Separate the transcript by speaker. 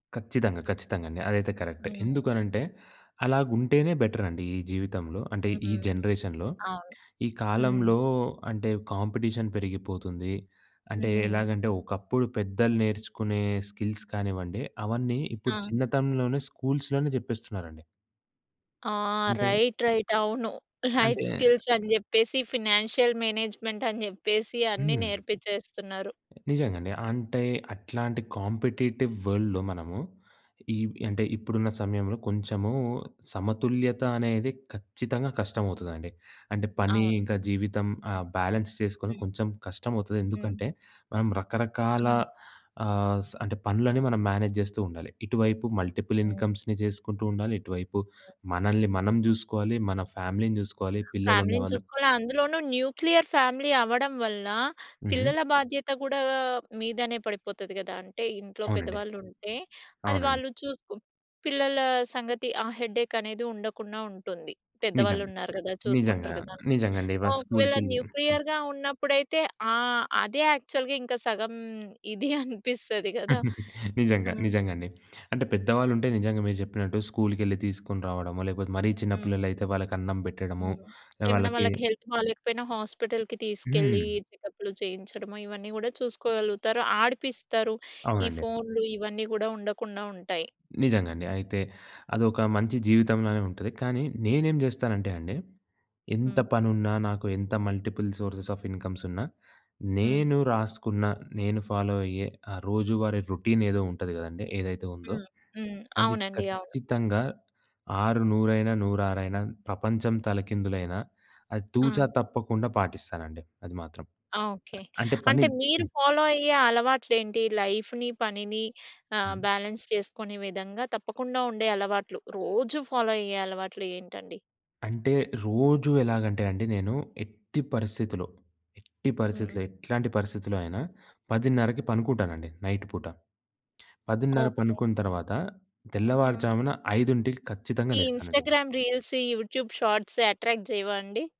Speaker 1: ఖచ్చితంగా. ఖచ్చితంగాండి. అదైతే కరెక్టే.
Speaker 2: హ్మ్.
Speaker 1: ఎందుకనంటే అలాగుం‌టేనే బెటరండి ఈ జీవితంలో. అంటే ఈ
Speaker 2: హ్మ్.
Speaker 1: జనరేషన్‌లో.
Speaker 2: అవును.
Speaker 1: ఈ
Speaker 2: హ్మ్.
Speaker 1: కాలంలో అంటే కాంపిటీషన్ పెరిగిపోతుంది. అంటే
Speaker 2: హ్మ్.
Speaker 1: ఎలాగంటే ఒకప్పుడు పెద్దలు నేర్చుకునే స్కిల్స్ కానివ్వండి, అవన్నీ ఇప్పుడు
Speaker 2: ఆ!
Speaker 1: చిన్నతనంలోనే స్కూల్స్‌లోనే జెప్పేస్తున్నారండి.
Speaker 2: ఆ!
Speaker 1: అంటే,
Speaker 2: రైట్, రైట్. అవును. లైఫ్
Speaker 1: అంటే
Speaker 2: స్కిల్స్ అని జెప్పేసి, ఫి‌‌నాన్షియల్ మేనేజ్‌మెంట్ అని జెప్పేసి అన్నీ
Speaker 1: హ్మ్.
Speaker 2: నేర్పించేస్తున్నారు.
Speaker 1: నిజంగండి. అంటే
Speaker 2: ఆ!
Speaker 1: అట్లాంటి కాంపిటీటివ్ వర్ల్‌డ్‌లో మనము ఈ అంటే ఇప్పుడున్న సమయంలో కొంచెము సమతుల్యత అనేది ఖచ్చితంగా కష్టమవుతదండి. అంటే పని
Speaker 2: అవును.
Speaker 1: ఇంకా జీవితం ఆ బ్యాలెన్స్ చేసుకొని
Speaker 2: హ్మ్.
Speaker 1: కొంచెం కష్టం అవుతది.
Speaker 2: హ్మ్. హ్మ్.
Speaker 1: ఎందుకంటే మనం రకరకాల
Speaker 2: హ్మ్.
Speaker 1: ఆహ్, స అంటే పనులని మనం మేనేజ్ చేస్తూ ఉండాలి. ఇటువైపు మల్టిపుల్
Speaker 2: హ్మ్.
Speaker 1: ఇన్కమ్స్‌ని జేసుకుంటుండాలి ,ఇటువైపు
Speaker 2: హ్మ్.
Speaker 1: మనల్ని మనం జూసుకోవాలి మన ఫ్యామిలీని జూసుకోవాలి పిల్లలు
Speaker 2: ఫ్యామిలీని
Speaker 1: ఉన్న‌వాళ్ళు
Speaker 2: చూసుకోవాల అందులోనూ న్యూక్లియర్ ఫ్యామిలీ అవ్వడం వల్ల,
Speaker 1: హుహు.
Speaker 2: పిల్లల బాధ్యత గూడా గా మీదనే పడిపోతది గదా! అంటే ఇంట్లో
Speaker 1: అవునండి.
Speaker 2: పెద్దవాళ్ళు ఉంటే, అది
Speaker 1: అవునండి.
Speaker 2: వాళ్ళు చూసుకో పిల్లల సంగతి ఆ హెడ్డేకనేది ఉండకుండా ఉంటుంది.
Speaker 1: నిజంగా.
Speaker 2: పెద్దవాళ్ళున్నారు గదా!
Speaker 1: నిజంగా.
Speaker 2: చూసుకుంటారు గదాని..
Speaker 1: నిజంగాండి. వాళ్ళు
Speaker 2: ఒకవేళ
Speaker 1: స్కూల్‌కెళ్లి హ్మ్.
Speaker 2: న్యూక్లియర్‌గా ఉన్నప్పుడైతే ఆహ్, అదే యాక్చువల్‌గా ఇంకా సగం ఇది అనిపిస్తది గదా!
Speaker 1: నిజంగా.
Speaker 2: హ్మ్.
Speaker 1: నిజంగాండి. అంటే పెద్దవాళ్ళు ఉంటే నిజంగా మీరు జెప్పినట్టు స్కూల్‌కెళ్లి తీసుకొని రావడమొ లేకపోతే మరీ చిన్న
Speaker 2: హ్మ్.
Speaker 1: పిల్లలు అయితే వాళ్ళకి అన్నం బెట్టడము.
Speaker 2: హ్మ్. ఏమన్నా
Speaker 1: వాళ్ళకి
Speaker 2: వాళ్ళకి హెల్త్ బాలేకపోయినా హాస్పిటల్‌కి తీసుకెళ్ళి
Speaker 1: హ్మ్.
Speaker 2: చెకప్‌లు చేయించడము ఇవన్నీ గూడా చూసుకోగలుగుతారు. ఆడిపిస్తరు. ఈ
Speaker 1: అవునండి.
Speaker 2: ఫోన్లు ఇవన్నీ గూడా ఉండకుండా ఉంటాయి.
Speaker 1: నిజంగండి. అయితే అదొక మంచి జీవితంలా‌నే ఉంటది. కానీ నేనేం జేస్తానంటే అండి, ఎంత
Speaker 2: హ్మ్.
Speaker 1: పనున్నా, నాకు ఎంత మల్టిపుల్ సోర్సెస్ ఆఫ్ ఇన్కమ్స్ ఉన్నా,
Speaker 2: హ్మ్.
Speaker 1: నేను రాసుకున్న నేను ఫాలో అయ్యే ఆ రోజువారీ రొ‌‌టీన్ ఏదో ఉంటది గదండీ, ఏదైతే ఉందో,
Speaker 2: హ్మ్. హ్మ్.
Speaker 1: అది
Speaker 2: అవునండి. అవును.
Speaker 1: ఖచ్చితంగా ఆరు నూరైన, నూరా‌రైనా, ప్రపంచం తలకిందులైన, అది తూచా
Speaker 2: ఆ!
Speaker 1: తప్పకుండా పాటిస్తానండి అది మాత్రం.
Speaker 2: ఆ! ఓకె.
Speaker 1: అంటే పని
Speaker 2: అంటే మీరు
Speaker 1: హ్మ్.
Speaker 2: ఫాలో అయ్యే అలవాట్లేంటి? లైఫ్‌ని, పనిని ఆహ్,
Speaker 1: హ్మ్.
Speaker 2: బాలన్స్ చేసుకునే విధంగా తప్పకుండా ఉండే అలవాట్లు, రోజు ఫాలో అయ్యే అలవాట్లు ఏంటండి?
Speaker 1: అంటే రోజూ ఎలాగంటే అండి, నేను ఎట్టి పరిస్థితిలో, ఎట్టి
Speaker 2: హ్మ్.
Speaker 1: పరిస్థితిలో, ఎట్లాంటి పరిస్థితిలో అయినా 10:30కి పనుకుంటానండి నైట్ పూట. 10:30
Speaker 2: ఓకె.
Speaker 1: పనుకున్న తర్వాత
Speaker 2: హ్మ్.
Speaker 1: తెల్లవారుజామున 5కి ఖచ్చితంగా
Speaker 2: ఈ
Speaker 1: లేస్తానండి నేను.
Speaker 2: ఇంస్టా‌‌‌‌‌‌‌‌‌‌గ్రామ్ రీల్స్, ఈ యూట్యూబ్ షార్ట్స్ యట్రాక్ట్ జేయవా అండి?